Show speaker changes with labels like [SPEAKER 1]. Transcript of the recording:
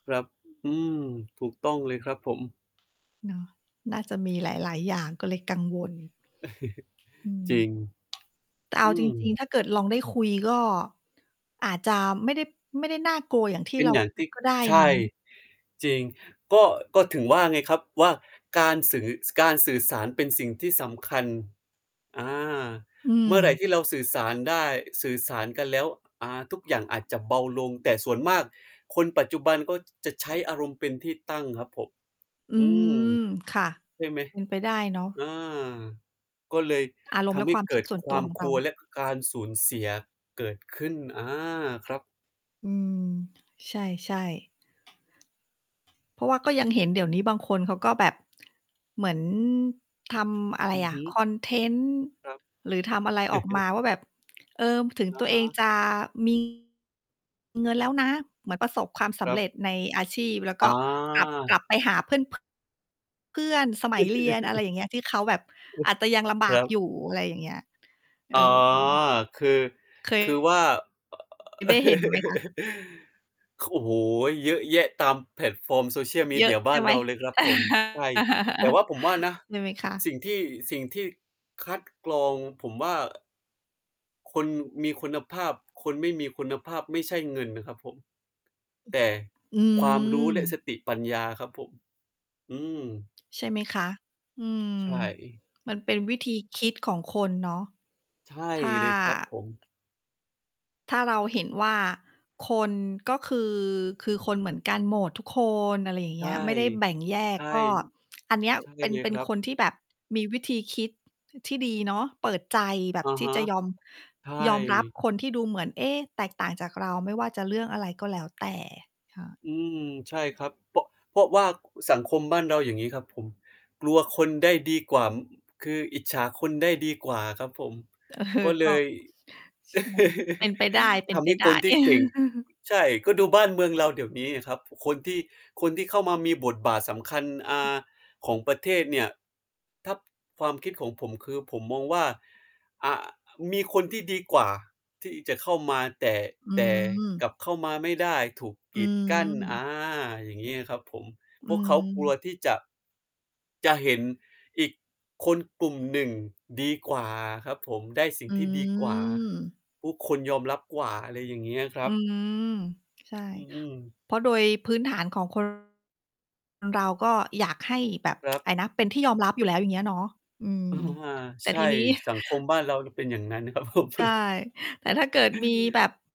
[SPEAKER 1] ครับ อืม ถูกต้องเลยครับผม
[SPEAKER 2] เนาะ น่าจะมีหลาย ๆ อย่าง ก็เลยกังวล อื
[SPEAKER 1] จร
[SPEAKER 2] ม
[SPEAKER 1] ิง
[SPEAKER 2] แต่เอ
[SPEAKER 1] อ
[SPEAKER 2] า
[SPEAKER 1] ื
[SPEAKER 2] จริง
[SPEAKER 1] ม
[SPEAKER 2] ๆ ถ้าเกิดลองได้คุย ก็อาจจะไม่ได้ ไม่ได้น่ากลัวอย่างที่
[SPEAKER 1] เป็
[SPEAKER 2] เ
[SPEAKER 1] น
[SPEAKER 2] รา
[SPEAKER 1] อย่าง
[SPEAKER 2] ค
[SPEAKER 1] ท
[SPEAKER 2] ิ
[SPEAKER 1] ี
[SPEAKER 2] ด
[SPEAKER 1] ่
[SPEAKER 2] ก็ได้
[SPEAKER 1] ใช
[SPEAKER 2] นะ
[SPEAKER 1] ่ จริง ก็ ก็ถึงว่าไงครับว่า การสื่อ การสื่อสารเป็นสิ่งที่สำคัญ อา
[SPEAKER 2] อื
[SPEAKER 1] เมื่อไร
[SPEAKER 2] ม
[SPEAKER 1] ที่เราสื่อสารได้ สื่อสารกันแล้ว อ่า ทุกอย่างอาจจะเบาลง แต่ส่วนมากคนปัจจุบันก็จะใช้อารมณ์เป็นที่ตั้งครับผม
[SPEAKER 2] อื
[SPEAKER 1] อืม
[SPEAKER 2] ม ค่ะ
[SPEAKER 1] ใช่ไหม?
[SPEAKER 2] เป็นไปได้เนา
[SPEAKER 1] อ
[SPEAKER 2] ะ
[SPEAKER 1] า ก็เลย
[SPEAKER 2] อาร
[SPEAKER 1] ท
[SPEAKER 2] มณ์แล
[SPEAKER 1] ำ
[SPEAKER 2] ะ
[SPEAKER 1] ให้
[SPEAKER 2] ความ
[SPEAKER 1] เ
[SPEAKER 2] ค
[SPEAKER 1] ก
[SPEAKER 2] ิ
[SPEAKER 1] ิ
[SPEAKER 2] ด
[SPEAKER 1] ด
[SPEAKER 2] ส่วน
[SPEAKER 1] คว
[SPEAKER 2] ตั
[SPEAKER 1] า
[SPEAKER 2] ว
[SPEAKER 1] ม
[SPEAKER 2] ของ
[SPEAKER 1] ค
[SPEAKER 2] เร
[SPEAKER 1] ล
[SPEAKER 2] า
[SPEAKER 1] ัว และการสูญเสียเกิดขึ้น อา ครับ
[SPEAKER 2] อืม ใช่ ๆ เพราะว่าก็ยังเห็นเดี๋ยวนี้บางคนเขาก็แบบ เหมือนทำอะไร
[SPEAKER 1] อือ
[SPEAKER 2] อ
[SPEAKER 1] ฮ
[SPEAKER 2] ะ
[SPEAKER 1] ึ
[SPEAKER 2] คอนเทนต์
[SPEAKER 1] ครับ
[SPEAKER 2] หรือทำอะไรออกมาว่าแบบ เออ ถึง
[SPEAKER 1] อ
[SPEAKER 2] ต
[SPEAKER 1] ะ
[SPEAKER 2] ัว
[SPEAKER 1] ฮ
[SPEAKER 2] เอง
[SPEAKER 1] ะ
[SPEAKER 2] จะ มี เงินแล้วนะ เหมือนประสบความส
[SPEAKER 1] ค
[SPEAKER 2] ำ
[SPEAKER 1] รั
[SPEAKER 2] เ
[SPEAKER 1] บ
[SPEAKER 2] ร็จในอาชีพ แล้วก
[SPEAKER 1] อ
[SPEAKER 2] ็กลับ
[SPEAKER 1] า
[SPEAKER 2] กลับไปหาเพื่อน เพื่อน สมัยเรียน อะไรอย่างเงี้ย ที่เขาแบบอาจจะยังลำ
[SPEAKER 1] ค
[SPEAKER 2] บา
[SPEAKER 1] ร
[SPEAKER 2] ก
[SPEAKER 1] ับ
[SPEAKER 2] อยู่ อะไรอย่างเงี้ย เ
[SPEAKER 1] อ๋
[SPEAKER 2] อ
[SPEAKER 1] อ
[SPEAKER 2] อ
[SPEAKER 1] คือ
[SPEAKER 2] เค
[SPEAKER 1] คือว
[SPEAKER 2] ย
[SPEAKER 1] ่า
[SPEAKER 2] ได้เห็นไหมคะ?
[SPEAKER 1] โอ้โฮ เยอะแยะตามแพลตฟอร์ม Social
[SPEAKER 2] เยอะ
[SPEAKER 1] Media บ
[SPEAKER 2] ใช
[SPEAKER 1] ้า
[SPEAKER 2] ่
[SPEAKER 1] น
[SPEAKER 2] ไห
[SPEAKER 1] เ
[SPEAKER 2] ม
[SPEAKER 1] ราเลยครับผม ใช่ แต่ว่าผมว่านะ
[SPEAKER 2] ดูไหมคะ?
[SPEAKER 1] สิ่งที่ สิ่งที่คัดกรองผมว่า คนมีคุณภาพ คนไม่มีคุณภาพ ไม่ใช่เงินนะครับผม แต่
[SPEAKER 2] อื
[SPEAKER 1] ความรู้และส
[SPEAKER 2] ม
[SPEAKER 1] ติปัญญาครับผม อืม
[SPEAKER 2] ใช่ไหมคะ? อืม
[SPEAKER 1] ใช่
[SPEAKER 2] มันเป็นวิธีคิดของคนเนาะ
[SPEAKER 1] ใช่
[SPEAKER 2] ถ้า
[SPEAKER 1] เลย ครับผม
[SPEAKER 2] ถ้าเราเห็นว่า คนก็คือ คือคนเหมือนกันหมดทุกคน อะไรอย่าง
[SPEAKER 1] ใช
[SPEAKER 2] เง
[SPEAKER 1] ่
[SPEAKER 2] ี้ย ไม่ได้แบ่งแย
[SPEAKER 1] ใ
[SPEAKER 2] ก
[SPEAKER 1] ช่
[SPEAKER 2] ก็อันเนี้ย
[SPEAKER 1] ใช่
[SPEAKER 2] เป็น
[SPEAKER 1] เลย
[SPEAKER 2] เป็
[SPEAKER 1] ค
[SPEAKER 2] น
[SPEAKER 1] รับ
[SPEAKER 2] คนที่แบบมีวิธีคิดที่ดีเนาะ เปิดใจแบ
[SPEAKER 1] อ
[SPEAKER 2] บ
[SPEAKER 1] ะ
[SPEAKER 2] ที
[SPEAKER 1] ฮ
[SPEAKER 2] ่
[SPEAKER 1] ะ
[SPEAKER 2] จะยอม
[SPEAKER 1] ใช่
[SPEAKER 2] ยอมรับคนที่ดูเหมือน เอ๊ะ แตกต่างจากเรา ไม่ว่าจะเรื่องอะไรก็แล้วแต่
[SPEAKER 1] อืม ใช่ครับ เพราะ เพราะว่าสังคมบ้านเรา อย่างงี้ ครับผม กลัวคนได้ดีกว่า ค คืออิจฉาคนได้ดีกว่าครับผม
[SPEAKER 2] เออ
[SPEAKER 1] ก็เ
[SPEAKER 2] ก
[SPEAKER 1] ล
[SPEAKER 2] ็
[SPEAKER 1] ย
[SPEAKER 2] ใช่ เป็นไปได้ เป็
[SPEAKER 1] ท
[SPEAKER 2] น
[SPEAKER 1] ำ
[SPEAKER 2] ไป
[SPEAKER 1] ให้
[SPEAKER 2] ได
[SPEAKER 1] ค
[SPEAKER 2] ้
[SPEAKER 1] นที่เก่ง ใช่ ก็ดูบ้านเมืองเราเดี๋ยวนี้สิครับ คนที่ คนที่เข้ามามีบทบาทสำคัญ อา ของประเทศเนี่ย ถ้าความคิดของผม คือผมมองว่า อา มีคนที่ดีกว่าที่จะเข้ามา แต่
[SPEAKER 2] อื
[SPEAKER 1] แต่
[SPEAKER 2] ม
[SPEAKER 1] กลับเข้ามาไม่ได้ ถูก
[SPEAKER 2] อ
[SPEAKER 1] ก
[SPEAKER 2] ื
[SPEAKER 1] ีดกั้น อ
[SPEAKER 2] ม
[SPEAKER 1] า อย่างงี้อะครับผม
[SPEAKER 2] อื
[SPEAKER 1] พวกเขากลั
[SPEAKER 2] ม
[SPEAKER 1] วที่จะ จะเห็นอีก คนกลุ่มหนึ่งดีกว่าครับผม ได้สิ่
[SPEAKER 2] อ
[SPEAKER 1] งที่ดีกว่า
[SPEAKER 2] ืม
[SPEAKER 1] ทุกคนยอมรับกว่า อะไรอย่างเงี้ยคร
[SPEAKER 2] อ
[SPEAKER 1] ั
[SPEAKER 2] ื
[SPEAKER 1] บ
[SPEAKER 2] ม ใช่
[SPEAKER 1] อือ ๆ
[SPEAKER 2] เพราะโดยพื้นฐานของ คน เราก็อยากให้แบบ
[SPEAKER 1] ครับ
[SPEAKER 2] อะไรนะ เป็นที่ยอมรับอยู่แล้ว อย่างเงี้ยเนาะ อืม
[SPEAKER 1] อา
[SPEAKER 2] แต
[SPEAKER 1] ใ
[SPEAKER 2] ่
[SPEAKER 1] ช่
[SPEAKER 2] ทีนี้
[SPEAKER 1] สังคมบ้านเรามันเป็นอย่างงั้นครับ ผม
[SPEAKER 2] ใช่ แต่ถ้าเกิดมีแบบ